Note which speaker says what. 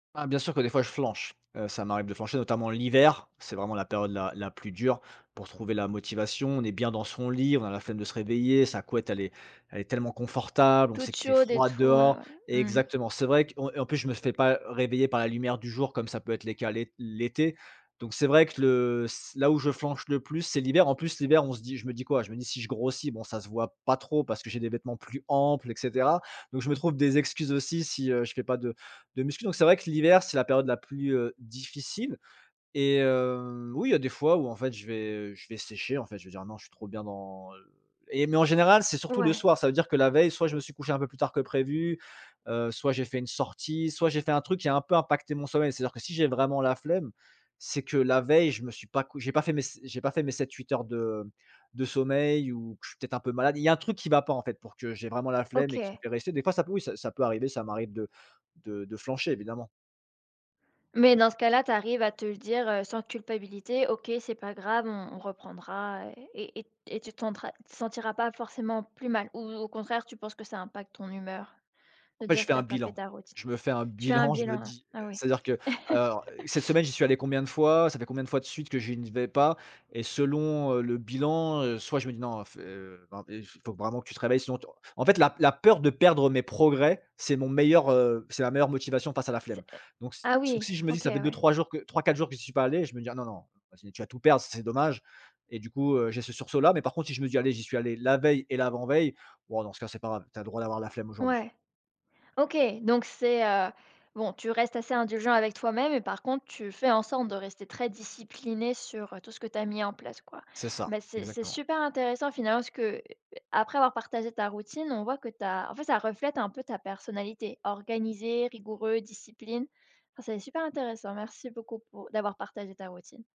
Speaker 1: Bah, bien sûr que des fois, je flanche. Heu, ça m'arrive de flancher, notamment l'hiver. C'est vraiment la période la la plus dure pour trouver la motivation. On est bien dans son lit. On a la flemme de se réveiller. Sa couette, elle est elle est tellement confortable. On sait
Speaker 2: Toute
Speaker 1: qu'il fait
Speaker 2: chaude et
Speaker 1: froid
Speaker 2: tout, ouais,
Speaker 1: dehors
Speaker 2: ouais. Mmh mh.
Speaker 1: exactement. C'est vrai qu'on et en plus, je me fais pas réveiller par la lumière du jour, comme ça peut être les cas, l'é l'été donc c'est vrai que le c là où je flanche le plus, c'est l'hiver. En plus, l'hiver, on se dit je me dis quoi? Je me dis: «Si je grossis, bon, ça se voit pas trop parce que j'ai des vêtements plus amples» et cetera. Donc je me trouve des excuses aussi si, heu, je fait pas de de muscu. Donc c'est vrai que l'hiver, c'est la période la plus, heu, difficile et heu, oui, il y a des fois où, en fait, je vais, heu, je vais sécher, en fait, je vais dire: «Non, je suis trop bien dans, heu» et mais en général, c'est surtout le
Speaker 2: Ouais.
Speaker 1: soir. Ça veut dire que la veille, soit je me suis couché un peu plus tard que prévu, heu, soit j'ai fait une sortie, soit j'ai fait un truc qui a un peu impacté mon sommeil. C'est-à-dire que si j'ai vraiment la flemme, c'est que la veille, je me suis pas cou j'ai pas fait mes s j'ai pas fait mes 7- 8 heures de de sommeil ou je suis peut-être un peu malade. Il y a un truc qui va pas, en fait, pour que j'ai vraiment la flemme et qui me
Speaker 2: OK.
Speaker 1: fait rester des fois, ça peut, oui, ça ça peut arriver. Ça m'arrive de de de flancher, évidemment.
Speaker 2: Mais dans ce cas-là, tu arrives à te le dire, heu, sans culpabilité: «OK c'est pas grave, on on reprendra» et et et tu te sentra tu te sentiras pas forcément plus mal ou ou au contraire, tu penses que ça impacte ton humeur
Speaker 1: En
Speaker 2: de te
Speaker 1: fait,
Speaker 2: dire
Speaker 1: je
Speaker 2: que
Speaker 1: fais
Speaker 2: tu
Speaker 1: un
Speaker 2: as pas fait
Speaker 1: bilan.
Speaker 2: ta routine?
Speaker 1: Je me fais un
Speaker 2: Tu as un
Speaker 1: bilan. Je
Speaker 2: bilan,
Speaker 1: me
Speaker 2: hein.
Speaker 1: dis,
Speaker 2: Ah,
Speaker 1: heu,
Speaker 2: oui.
Speaker 1: c'est-à-dire que «Alors, heu cette semaine, j'y suis allé combien de fois? Ça fait combien de fois de suite que je n'y vais pas?» et selon, heu, le bilan, heu, soit je me dis: «Non, heu, fais, heu, faut vraiment que tu te réveilles sinon, tu», en fait, la la peur de perdre mes progrès, c'est mon meilleur, heu, c'est ma meilleure motivation face à la flemme.
Speaker 2: C'est eh
Speaker 1: Donc si
Speaker 2: ah,
Speaker 1: donc
Speaker 2: oui,
Speaker 1: si je me dis:
Speaker 2: OK,
Speaker 1: «Ça fait
Speaker 2: ouais.
Speaker 1: 2-3 jours que 3-4 jours que j'y suis pas allé», je me dis: «Ah, non, non, ah sinon, tu vas tout perdre, ça serait dommage» et du coup, heu, j'ai ce sursaut-là. Mais par contre, si je me dis: «Allez, j'y suis allé la veille et l'avant-veille, ouah, dans ce cas, c'est pas grave! Tu as le droit d'avoir la flemme aujourd'hui».
Speaker 2: Ouais. OK, donc c'est, heu bon, tu restes assez indulgent avec toi-même et par contre, tu fais en sorte de rester très discipliné sur heu, tout ce que tu as mis en place, quoi.
Speaker 1: C'est ça.
Speaker 2: Bah c'est c'est
Speaker 1: Exactement.
Speaker 2: super intéressant finalement, parce que après avoir partagé ta routine, on voit que tu as en fait, ça reflète un peu ta personnalité, organisé, rigoureux, discipline. Ah, c'est super intéressant. Merci beaucoup pour d'avoir partagé ta routine.